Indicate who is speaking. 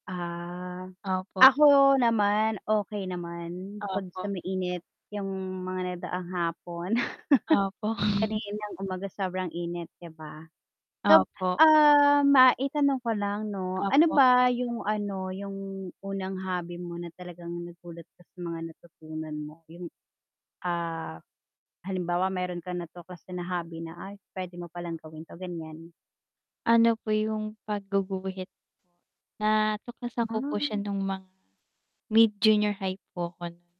Speaker 1: Ah.
Speaker 2: Opo.
Speaker 1: Ako naman okey naman bukod sa
Speaker 2: Opo.
Speaker 1: mainit yung mga nagdaang hapon.
Speaker 2: Opo.
Speaker 1: Kaninang umaga sobrang init, 'di ba? So,
Speaker 2: Opo.
Speaker 1: ah, maitanong ko lang 'no, ano
Speaker 2: Opo.
Speaker 1: ba yung ano, yung unang hobby mo na talagang nagulat ka sa mga natutunan mo. Yung, ah, halimbawa meron kang natuklasan na hobby na ay, puwede mo palang gawin 'to, gan'yan.
Speaker 2: Ano po yung pagguguhit. Natuklasan ko po siya
Speaker 1: Ah.
Speaker 2: nung mga mid-junior high po ako nun.